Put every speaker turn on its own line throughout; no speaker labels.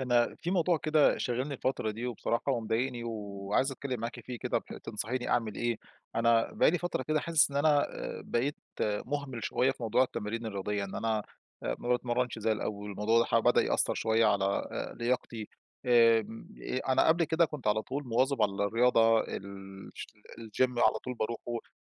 أنا في موضوع كده شاغلني الفترة دي، وبصراحة ومضايقني، وعايز أتكلم معاكِ فيه كده ب تنصحيني أعمل إيه؟ أنا بقى لي فترة كده حاسس إن أنا آآ بقيت مهمل شوية في موضوع التمارين الرياضية، إن أنا آآ ما باتمرنش زي الأول والموضوع دا ح بدأ يأثَّر شوية على آآ لياقتي آمم آآ أنا قبل كده كنت على طول مواظب على الرياضة الش الgym على طول باروحه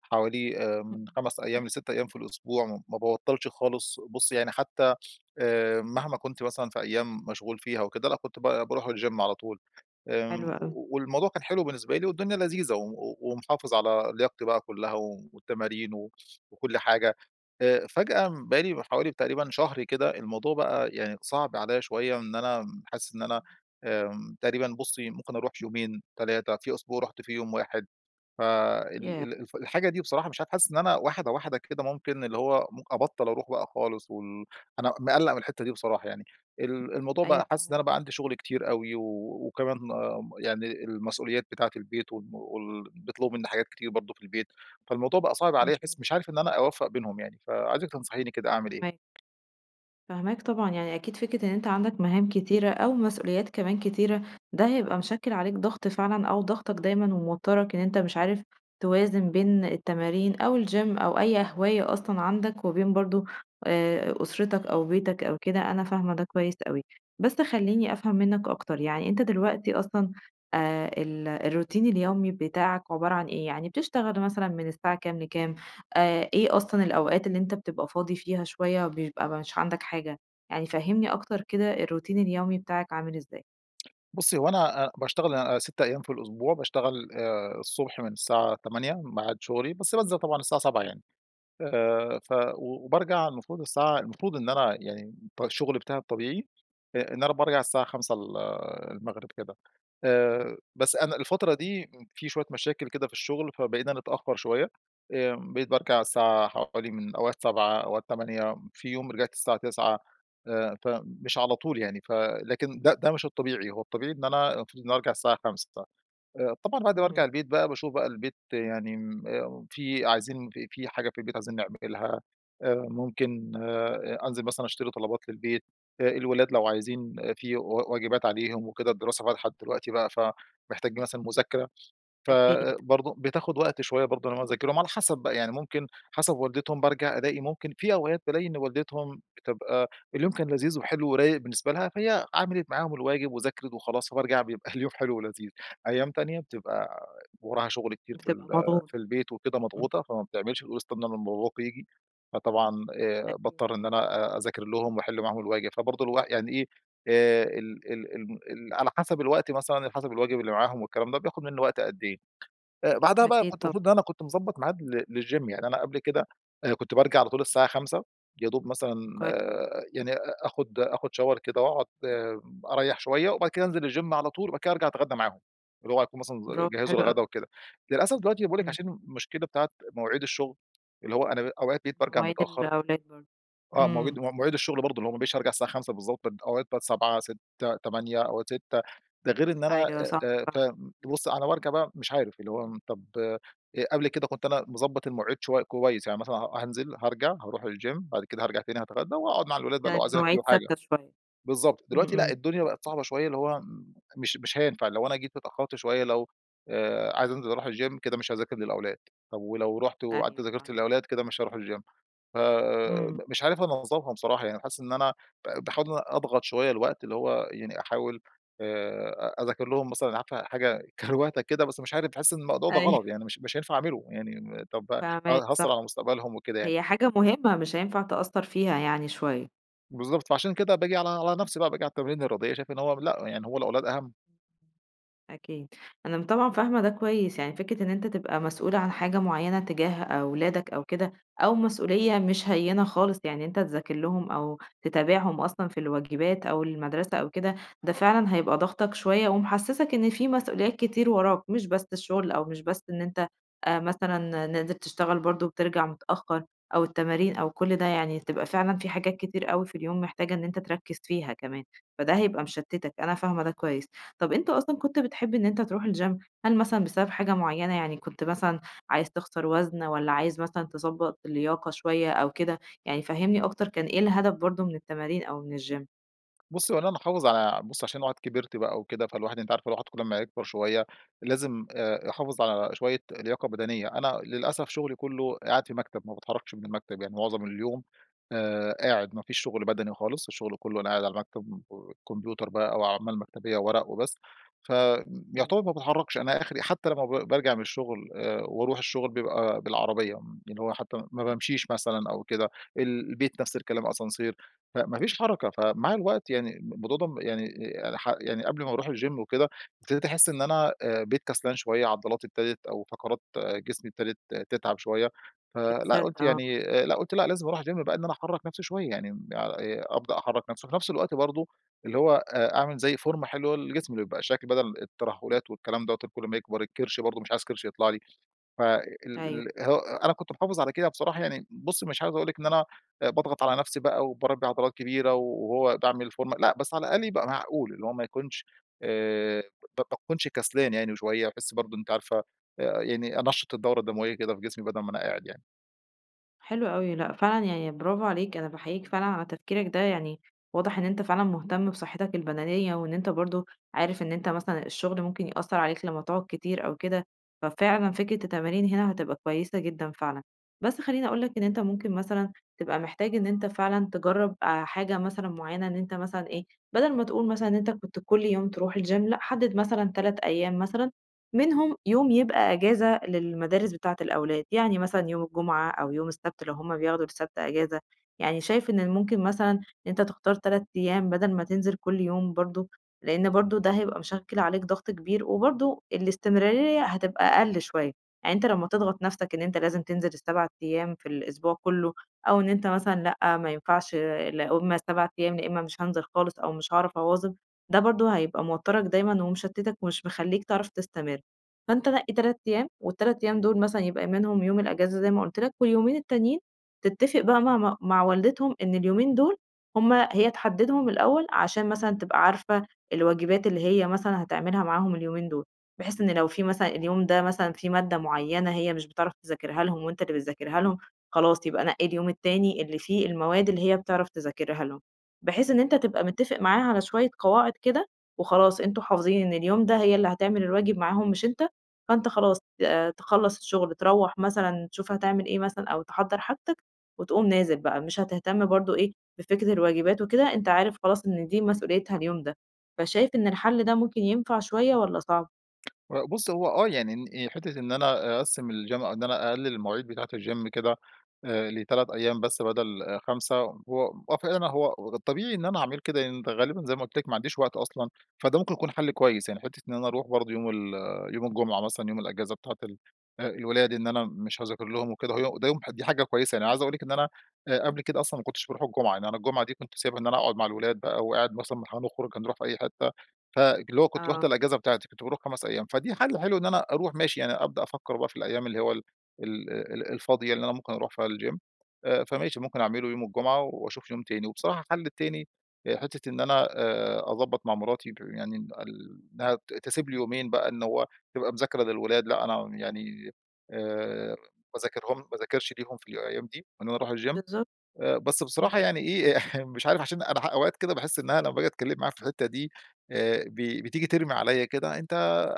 حوالي آآ من
امم.
5 أيام ل6 أيام في الأسبوع، ما ب ما بابطلش خالص، بصي يعني حتى آآ مهما كنت مثلًا في أيام مشغول فيها وكده أنا كنت ب باروح الgym على طول
حلو
آمم
أوي.
والموضوع كان حلو بالنسبة لي والدنيا لذيذة و و ومحافظ على لياقتي بقى كلها والتمارين و وكل حاجة آآ، فجأة بقالي حوالي تقريبًا شهر كده الموضوع بقى يعني صعب عليَّ شوية إن أنا حاسس إن أنا
امم.
آمم تقريبًا بصي ممكن أروح يومين 3 في أسبوع رحت فيه يوم واحد فال
ياه!
ال الف الحاجة دي بصراحة مش عارف حاسس إن أنا واحدة واحدة كده ممكن اللي ممك أبطل أروح بقى خالص وال أنا مقلّق من الحتة دي بصراحة يعني ال الموضوع
أيوه
بقى حاسس إن أنا
فاهماك.
بقى عندي شغل كتير أوي و وكمان يعني المسؤوليات بتاعة البيت وال وال بيطلبوا مني حاجات كتير برضه في البيت، فالموضوع بقى صعب عليَّ حاسس
اهم.
مش عارف إن أنا أوفق بينهم يعني فعايزِك تنصحيني كده أعمل إيه؟
فاهماك. فاهماك طبعًا يعني أكيد فكرة إن أنتَ عندك مهام كتيرة أو مسئوليات كمان كتيرة، ده هيبقى مشكل عليك ضغط فعلًا أو ضاغطك دايمًا وموتّرك إن أنتَ مش عارف توازن بين التمارين أو الgym أو أي هواية أصلًا عندك، وبين برضو آآ أسرتك أو بيتك أو كده أنا فاهمة ده كويس أوي. بس خليني أفهم منك أكتر يعني أنتَ دلوقتي أصلًا آآ ال الروتين اليومي بتاعك عبارة عن إيه؟ يعني بتشتغل مثلًا من الساعة كام لكام؟ آآ إيه أصلًا الأوقات اللي أنتَ بتبقى فاضي فيها شوية بيبقى مش عندك حاجة؟ يعني فهّمني أكتر كده الروتين اليومي بتاعك عامل إزاي؟
بصّي هو أنا آآ باشتغل آآ 6 أيام في الأسبوع، باشتغل آآ الصبح من الساعة 8:00 ميعاد شغلي، بس بانزل طبعًا الساعة 7:00 يعني، آآ ف وبارجع المفروض الساعة المفروض إن أنا يعني الط الشغل بتاعي الطبيعي إ إن أنا بارجع الساعة 17:00 ال المغرب كده، آآ بس أنا الفترة
[unintelligible]
دي امم في شوية مشاكل كده في الشغل فبقينا نتأخر شوية آمم بقيت بارجع الساعة حوالي من أوقات 19:00 أوقات 20:00 في يوم رجعت الساعة 21:00 آآ فمش على طول يعني، ف لكن ده ده مش الطبيعي هو الطبيعي إن أنا المفروض ان أنا أرجع الساعة 17:00 آآ طبعًا بعد ما ارجع
امم.
البيت بقى باشوف بقى البيت يعني آمم، آآ في عايزين في في حاجة في البيت عايزين نعملها آآ ممكن آآ أنزل مثلًا أشتري طلبات للبيت، آآ الولاد لو عايزين في و واجبات عليهم وكده الدراسة فتحت دلوقتي بقى فمحتاج مثلًا مذاكرة،
أكيد.
فبرضو بتاخد وقت شوية برضو على ما أنا أذاكر لهم على حسب بقى، يعني ممكن حسب والدتهم بارجع ألاقي ممكن في أوقات بالاقي إن والدتهم بتبقى اليوم كان لذيذ وحلو ورايق بالنسبة لها، فهي عملت معاهم الواجب وذاكرت وخلاص، فبارجع بيبقى اليوم حلو ولذيذ أيام تانية بتبقى وراها شغل كتير في ال
بتبقى مضغوط.
في البيت وكده
[unintelligible]
مضغوطة فما بتعملش، تقول استنوا لما باباكم ييجي. فطبعًا آآ
أكيد.
باضطر إن أنا آآ أذاكر لهم وأحل معاهم الواجب. فبرضو الواح يعني إيه؟ آآ ال ال الم ال على حسب الوقت مثلًا، على حسب الواجب اللي معاهم والكلام ده بياخد مني وقت قد إيه؟ آآ بعدها بقى
أكيد
كنت
طبعًا.
المفروض إن أنا كنت مضبط معاد لل للgym يعني أنا قبل كده آآ كنت بارجع على طول الساعة 17:00 يا دوب مثلًا
كوي
يعني أ أخد أخد shower كده وأقعد أريح شوية وبعد كده أنزل الgym على طول وبعد كده أرجع أتغدى معاهم. اللي هو هيكونوا مثلًا ز
برافو
جهّزوا
حلو
الغدا
أوي.
وكده. للأسف دلوقتي باقول لِك
امم.
عشان المشكلة بتاعة مواعيد الشغل اللي هو أنا بقي أوقات بقيت بارجع
مواعيد
متأخر.
الأولاد برضو
آه مواجيد
امم.
مواعيد الشغل برضو اللي هو ما بقيتش أرجع الساعة 17:00 بالضبط أوقات بقت 19:00 18:00 20:00 أوقات 18:00 ده غير إن أنا
أيوة صعبة
آآ، آآ ف
فعلًا.
بصّي أنا بارجع بقى مش عارف اللي هو م طب آآ قبل كده كنت أنا مضبط المواعيد شوي كويس يعني مثلًا ها هانزل، هارجع، هاروح الgym بعد كده هارجع تاني هاتغدى وهاقعد
امم.
مع الولاد بقى لو
كان
عايزين يحلوا
المواعيد
حاجة.
ثابتة شوية.
بالضبط.
امم
دلوقتي لأ،
امم.
الدنيا بقت صعبة شوية اللي هو م مش مش هينفع لو أنا جيت اتأخرت شوية لو آآ عايز أنزل أروح الgym كده مش هاذاكر للأولاد، طب ولو رُحت وقعدت
أيوه
ذاكرت
فاهماك.
للأولاد كده مش هاروح الgym فم
امم.
مش عارف أنظمها بصراحة يعني حاسس إن أنا ب باحاول إن أنا أضغط شوية الوقت اللي هو يعني أحاول آآ أذاكر لهم مثلًا عارفة حاجة كروتة كدة بس مش عارف باحس إن الموضوع ده
أيوه.
غلط يعني مش مش هينفع أعمله، يعني طب ه
فاهماك صح.
هأثّر على مستقبلهم وكده يعني.
هي حاجة مهمة مش هينفع تقصّر فيها يعني شوية.
بالضبط، فعشان كده باجي على على نفسي بقى، باجي على التمارين الرياضية، شايف إن هو لأ، يعني هو الأولاد أهم.
أكيد أنا م طبعًا فاهمة ده كويس، يعني فكرة إن أنتَ تبقى مسؤول عن حاجة معينة تجاه أولادَك أو كده أو مسؤولية مش هيِّنة خالص، يعني إن أنتَ تذاكر لهم أو تتابعهم أصلًا في الواجبات أو المدرسة أو كده، ده فعلًا هيبقى ضاغطَك شوية ومحسسَك إن في مسؤوليات كتير وراك، مش بس الشغل أو مش بس إن أنتَ، آآ مثلًا نازل تشتغل برضه وبترجع متأخر أو التمارين أو كل ده، يعني هتبقى فعلًا في حاجات كتير أوي في اليوم محتاجة إن أنتَ تركز فيها كمان، فده هيبقى مشتتك. أنا فاهمة ده كويس. طب أنت أصلًا كنت بتحب إن أنتَ تروح الgym؟ هل مثلًا بسبب حاجة معينة، يعني كنت مثلًا عايز تخسر وزن والّا عايز مثلًا تظبط اللياقة شوية أو كده؟ يعني فهمني أكتر، كان إيه الهدف برضه من التمارين أو من الgym؟
بصي، هو أنا محافظ على بصي عشان الواحد كبرت بقى وكده، فالواحد أنتِ عارفة الواحد كل أمّا يكبر شوية لازم، آآ يحافظ على شوية لياقة بدنية. أنا- للأسف- شغلي كله قاعد في مكتب، ما باتحركش من المكتب يعني معظم اليوم، آآ قاعد ما فيش شغل بدني خالص، الشغل كله وأنا قاعد على المكتب وكمبيوتر بقى أو أعمال مكتبية وورق وبس. ف
أيوه.
يعتبر ما باتحركش، أنا آخري حتى لما ب بارجع من الشغل، آآ وأروح الشغل بيبقى بالعربية، م اللي هو حتى ما بامشيش مثلًا أو كده، ال البيت نفس الكلام، أسانسير، فما فيش حركة. فمع الوقت يعني، الم الموضوع ده م يعني آآ يعني ح يعني قبل ما أروح الgym وكده، ابتديت أحس إن أنا، آآ بقيت كسلان شوية، عضلاتي ابتدت أو فقرات جسمي ابتدت تتعب شوية، فلأ،
[unintelligible]
قلت
آه.
يعني آآ، لأ، قلت: "لأ لازم أروح الgym بقى." إن أنا أحرك نفسي شوية يعني، م آآ أبدأ أحرك نفسي. وفي نفس الوقت برضه اللي هو آآ أعمل زي فورمة حلوة للجسم اللي يبقى شكل بدل الترهلات والكلام دوَّة اللي كل أما يكبر الكرش برضه، مش عايز كرش يطلع لي. فال
أيوه.
ال هو أنا كنت محافظ على كده بصراحة، يعني بصي مش عايز أقول لِك إن أنا باضغط على نفسي بقى وباربي عضلات كبيرة و وهو باعمل فورمة، لأ، بس على الأقل يبقى معقول اللي هو ما يكونش آآ ب باكونش كسلان يعني شوية، باحس برضه أنتِ عارفة آآ، يعني أنشَّط الدورة الدموية كده في جسمي، بدل ما أنا قاعد يعني.
حلو أوي لأ، فعلًا يعني براڤو عليك، أنا باحيِّيك فعلًا على تفكيرك ده. يعني واضح إن أنتَ فعلًا مُهتم بصحتك البدنية، وإن أنتَ برضه عارف إن أنتَ مثلًا الشغل ممكن يأثّر عليك لما تقعد كتير أو كده، ففعلًا فكرة التمارين هنا هتبقى كويسة جدًا فعلًا. بس خليني أقول لَك، إن أنتَ ممكن مثلًا تبقى محتاج إن أنتَ فعلًا تجرب، آآ حاجة مثلًا معيّنة إن أنتَ مثلًا إيه، بدل ما تقول مثلًا، إن أنتَ كنت كل يوم تروح الgym لأ، حدِّد مثلًا 3 أيام مثلًا، منهم يوم يبقى أجازة للمدارس بتاعة الأولاد، يعني مثلًا يوم الجمعة أو يوم السبت، لو هم بياخدوا السبت أجازة، يعني شايف إن ممكن مثلًا أنتَ تختار 3 أيام بدل ما تنزل كل يوم برضه، لأن برضه ده هيبقى مشكِّل عليك ضغط كبير، وبرضه الاستمرارية هتبقى أقل شوية. يعني أنتَ لما تضغط نفسك إن أنتَ لازم تنزل ال7 أيام في الأسبوع كله أو إن أنتَ مثلًا لأ، ما ينفعش، لا هم 7 أيام، لا إمّا مش هانزل خالص، أو مش هاعرف أواظِب، ده برضه هيبقى موترَك دايمًا ومشتتَك ومش مخلِّيك تعرف تستمر. فأنتَ نقِّي 3 أيام، ال3 أيام دول مثلًا يبقى منهم يوم الأجازة زي ما قلت لَك، واليومين التانيين تتفق بقى مع ما مع والدتهم إن اليومين دول هم هي تحددهم الأول، عشان مثلًا تبقى عارفة الواجبات اللي هي مثلًا هتعملها معاهم اليومين دول. بحيث إن لو في مثلًا، اليوم ده مثلًا في مادة معينة هي مش بتعرف تذاكرها لهم وأنتَ اللي بتذاكرها لهم، خلاص يبقى نَقِّي اليوم التاني اللي فيه المواد اللي هي بتعرف تذاكرها لهم. بحيث إن أنتَ تبقى متفق معاها على شوية قواعد كده وخلاص، أنتم حافظين إن اليوم ده هي اللي هتعمل الواجب معاهم مش أنتَ، فأنتَ خلاص آآ تخلّص الشغل، تروّح مثلًا تشوف هتعمل إيه مثلًا أو تحضَّر حاجتك وتقوم نازل بقى، مش هتهتم برضه إيه، بفكرة الواجبات وكده، أنتَ عارف خلاص إن دي مسئوليتها اليوم ده. فشايف إن الحل ده ممكن ينفع شوية والّا صعب؟
لأ بُصّي، هو آه يعني. إن حتة إن أنا أقسم الGym إن أنا أقلل المواعيد بتاعة الGym كده. آآ، ل3 أيّام بس بدل 5. هو هو فعـلًا هو ده الطبيعي إن أنا اعمل كده يعني غالبًا زي ما قُلت لك ما عنديش وقت أصلًا، فده ممكن يكون حل كويّس يعني. حتة إن أنا أروح برضو يوم ال يوم الجمعة مثلًا يوم الإجازة بتاعة ال الولاد. إن أنا مش هاذاكر لهم وكده. [unintelligible] ده يوم دي حاجة كويّسة يعني، عايز أقول لِك إن أنا قبل كده أصلًا ما كنتش باروح الجمعة. يعني أنا الجمعة دي كنت سايبها إن أنا أقعد مع الولاد بقى، وقاعد مثلًا هنخرج، هنروح في أي حتّة. فاللي هو كنت باخد
آه.
الإجازة بتاعتي كنت باروح 5 أيّام. فدي حل حلو إن أنا أروح ماشي، يعني أبدأ أفكّر بقى في الأيّام اللي هو ال ال ال الفاضية اللي أنا ممكن أروح في الGym. آآ، فماشي ممكن أعمله يوم الجمعة، وأشوف يوم تاني، وبصراحة الحل التاني حتة إن أنا آآ، أضبط مع مراتي يعني ال إنّها تسيب لي يومين بقى إنّه هو تبقى مذاكرة للولاد. لا أنا يعني آآ، باذاكرهم ما باذكرش ليهم في الأيّام دي، إن أنا أروح الGym.
بالضبط.
آآ، بس
إمم.
بصراحة يعني إيه مش عارف عشان أنا أوقات كده باحس إن أنا لمّا أجي أتكلّم معاها في الحتّة دي، آآ، ب بتيجي ترمي عليَّ كده: "أنت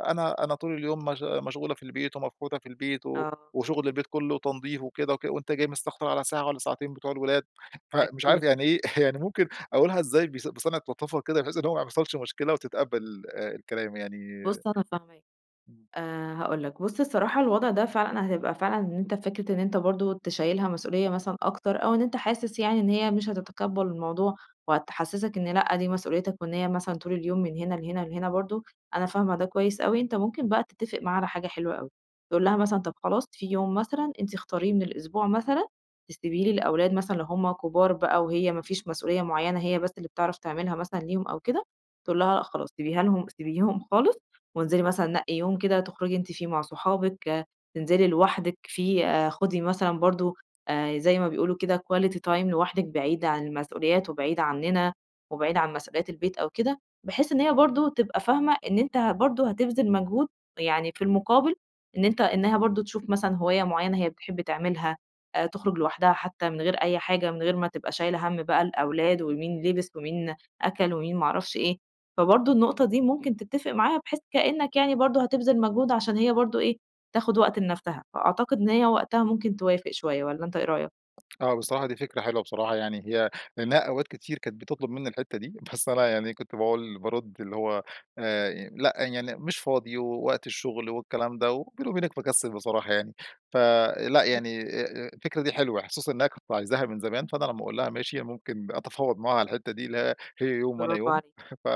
أنا أنا طول اليوم مش مشغولة في البيت، ومفحوتة في البيت، و
آه.
وشغل البيت كلّه تنظيف وكده وك وأنت جاي مستكترعلى ساعة والّا ساعتين بتوع الولاد." فمش عارف
أكيد.
يعني إيه، يعني ممكن أقولها إزاي ب بصنعة لطافة كده بحيث إن هو ما يحصلش مشكلة وتتقبل آآ الكلام يعني؟
بُصّ أنا فاهماك.
امم.
آآ، هاقول لك بُصّ الصراحة الوضع ده فعلًا حتبقى فعلًا إن أنت فكرة إن أنت برضو تشيلها مسؤوليّة مثلًا أكتر، أو إن أنت حاسس يعني إن هي مش هتتقبل الموضوع، وهتحسسك إن لأ دي مسؤوليتك، وإن هي مثلًا طول اليوم من هنا لهنا لهنا برضو. أنا فاهمة ده كويّس أوي. أنت ممكن بقى تتفق معاها على حاجة حلوة أوي. تقول لها مثلًا طب خلاص في يوم مثلًا أنت اختاريه من الأسبوع مثلًا تسيبي لي الأولاد مثلًا لو همّ كبار بقى، وهي ما فيش مسؤوليّة معيّنة هي بس اللي بتعرف تعملها مثلًا ليهم، أو كده. تقول لها لأ خلاص سيبيها لهم سيبيهم خالص وانزلي مثلًا نقي يوم كده تخرجي أنتِ فيه مع صحابك، تنزلي لوحدك فيه، خدي مثلًا برضو- زي ما بيقولوا كده- quality time لوحدك بعيد عن المسؤوليات، وبعيد عننا، وبعيد عن مسؤوليات البيت أو كده. بحيث إن هي برضو تبقى فاهمة إن أنت ه برضو هتبذل مجهود يعني في المقابل، إن أنت إنّها برضو تشوف مثلًا هواية معيّنة هي بتحب تعملها، تخرج لوحدها حتّى من غير أي حاجة، من غير ما تبقى شايلة هَم بقى الأولاد، ومين لبس، ومين أكل، ومين ما اعرفش إيه. فبرضو النقطة دي ممكن تتفق معاها، بحيث كأنّك يعني برضو هتبذل مجهود عشان هي برضو إيه، تاخد وقت لنفسها، فأعتقد إن هي وقتها ممكن توافق شويّة. والّا أنت إيه رأيك؟
آه بصراحة دي فكرة حلوة بصراحة. يعني هي لأنها أوقات كتير كانت بتطلب مِنّي الحتّة دي. بس أنا يعني كنت باقول بارُد اللي هو آآ، لا يعني مش فاضي، ووقت الشغل، والكلام ده، وبيني وبينك مكسل بصراحة يعني. فـلأ،
[unintelligible]
يعني آآ الفكرة دي حلوة. خصوصًا إنّها كانت عايزاها من زمان، فأنا لمّا أقول لها ماشي، ممكن أتفاوض معاها على الحتّة دي، اللي هي يوم وأنا
براڨو
يوم.
عليك.
ف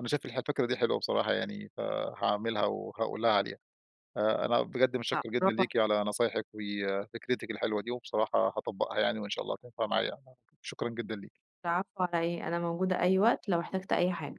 أنا شايف الفكرة دي حلوة بصراحة يعني، فهاعملها وهاقول لها عليها. آآ، أنا بجد
لأ،
متشكّر جدًا
براڨو عل
ليكِ على نصايحك، وفكرتك الحلوة دي، وبصراحة هاطبقها يعني، وإن شاء الله تنفع معايا. [unintelligible] شكرًا جدًا ليكِ.
العفو على إيه؟ أنا موجودة أي وقت لو احتجت أي حاجة.